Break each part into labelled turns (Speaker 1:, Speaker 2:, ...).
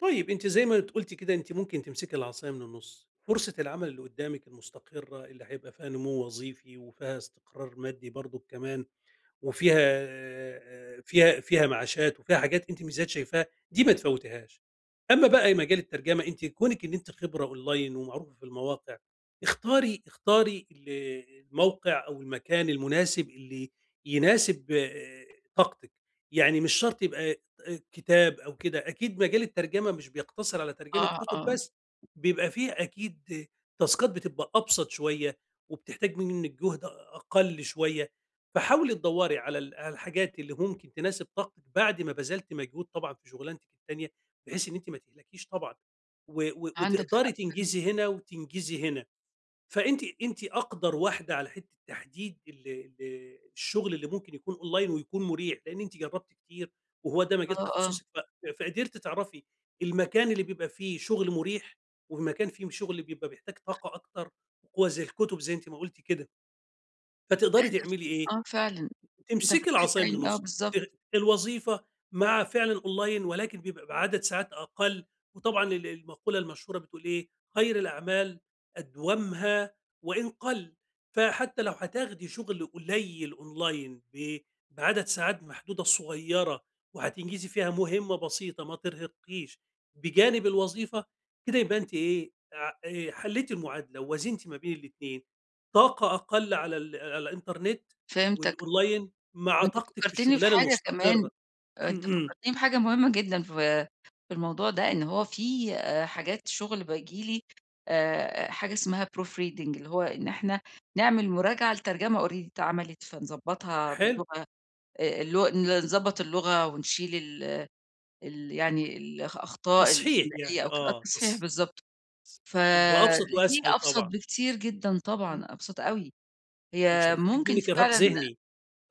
Speaker 1: طيب، أنتِ زي ما قُلتِ كده أنتِ ممكن تمسكي العصايا من النص، فرصة العمل اللي قدامِك المستقرة اللي هيبقى فيها نمو وظيفي، وفيها استقرار مادي برضك كمان وفيها فيها فيها معاشات وفيها حاجات أنتِ ميزات شايفاها دي ما تفوتيهاش. أمّا بقى مجال الترجم، أنتِ كونِك إن أنتِ خبرة أونلاين ومعروفة في المواقع، اختاري اختاري ال الموقع أو المكان المناسب اللي يناسب آآ، طاقتِك. يعني مش شرط يبقى آآ، كتاب أو كده، أكيد مجال الترجمة مش بيقتصر على ترجمة
Speaker 2: آه،
Speaker 1: كتب
Speaker 2: آه.
Speaker 1: بس. بيبقى في أكيد تاسكات بتبقى أبسط شوية، وبتحتاج منِك جهد أ أقل شوية. فحاولي تدوري على ال على الحاجات اللي ممكن تناسب طاقتِك بعد ما بذلتِ مجهود طبعًا في شغلانتِك التانية، بحيث إن أنتِ ما تهلكيش طبعًا و و
Speaker 2: عندك حق،
Speaker 1: وتقدري
Speaker 2: إمم.
Speaker 1: تنجزي هنا وتنجزي هنا. فأنتِ أنتِ اقدر واحدة على حتة تحديد ال ال الشغل اللي ممكن يكون أونلاين ويكون مُريح، لأن أنتِ جربتِ كتير وهو ده
Speaker 2: آه،
Speaker 1: مجال
Speaker 2: آه.
Speaker 1: تخصصِك ف فقدرتِ تعرفي المكان اللي بيبقى فيه شغل مريح ومكان فيه شغل بيبقى بيحتاج طاقة أكتر، هو زي الكتب زي أنتِ ما قُلتِ كده. فتقدري
Speaker 2: [unintelligible]
Speaker 1: تعملي إيه؟
Speaker 2: آه، فعلًا. أنت
Speaker 1: تمسكي
Speaker 2: فتحت
Speaker 1: العصايا من
Speaker 2: عيني. آه،
Speaker 1: النص.
Speaker 2: بالضبط.
Speaker 1: ال الوظيفة مع فعلًا أونلاين ولكن بيبقى عدد ساعات أقل، وطبعًا ال المقولة المشهورة بتقول إيه، خير الأعمال أدومّها وإن قل، فحتى لو هتاخدي شغل قليل أونلاين ب بعدد ساعات محدودة صغيرة وهتنجزي فيها مهمة بسيطة ما ترهقّيش، بجانب الوظيفة كده يبقى أنتِ إيه، ع آآ، حلّيتي المعادلة ووازنتي ما بين الاتنين. طاقة أقل على ال على الإنترنت
Speaker 2: فهمتك.
Speaker 1: والأونلاين مع
Speaker 2: وأنت
Speaker 1: طاقتِك في
Speaker 2: فكرتني في
Speaker 1: الشغلانة
Speaker 2: حاجة كمان
Speaker 1: المستقرة.
Speaker 2: أنت
Speaker 1: امم.
Speaker 2: فكرتيني في حاجة مهمة جدًا، في في الموضوع ده، إن هو في آآ، حاجات شغل باجي لي آآ، آآ، حاجة اسمها proof reading اللي هو إن إحنا نعمل مراجعة لترجمة already اتعملت، فنضبطها
Speaker 1: حلو.
Speaker 2: باللغة آآ، الل نضبط اللغة ونشيل ال ال يعني ال الأخطاء
Speaker 1: تصحيح
Speaker 2: الإملائية
Speaker 1: يعني،
Speaker 2: أو كده. آه،
Speaker 1: آه،
Speaker 2: التصحيح
Speaker 1: تص
Speaker 2: بالضبط،
Speaker 1: س هو أبسط
Speaker 2: فالاتنين
Speaker 1: وأسهل
Speaker 2: أبسط
Speaker 1: طبعًا.
Speaker 2: بكتير جدًا
Speaker 1: إمم.
Speaker 2: طبعًا، أبسط أوي.
Speaker 1: ومش
Speaker 2: هي
Speaker 1: هتحتاج
Speaker 2: ممكن
Speaker 1: منِّك إرهاق
Speaker 2: فعلًا
Speaker 1: ذهني.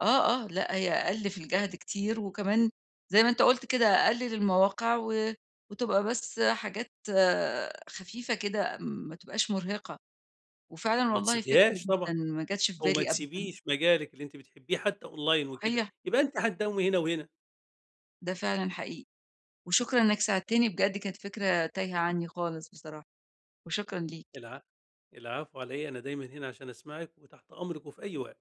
Speaker 2: آه، آه، لأ، هي أقل في الجهد كتير وكمان زي ما أنت قُلت كده، اققل المواقع و وتبقى بس حاجات خفيفة كده ما تبقاش مُرهقة. وفعلًا
Speaker 1: وما
Speaker 2: والله فكرة
Speaker 1: تسيبيهاش طبعًا،
Speaker 2: جدًا ما جاتش في
Speaker 1: أو ما
Speaker 2: بالي أبدًا.
Speaker 1: تسيبيش مجالِك اللي أنتِ بتحبيه حتى أونلاين وكده
Speaker 2: هي
Speaker 1: يبقى أنتِ حتداومي هنا وهنا.
Speaker 2: ده فعلًا حقيقي. وشكرًا إنك ساعدتني بجد كانت فكرة تايهة عني خالص بصراحة وشكرًا ليك.
Speaker 1: الع العفو علي إيه. أنا دايمًا هنا عشان أسمعِك وتحت أمرِك وفي أي وقت.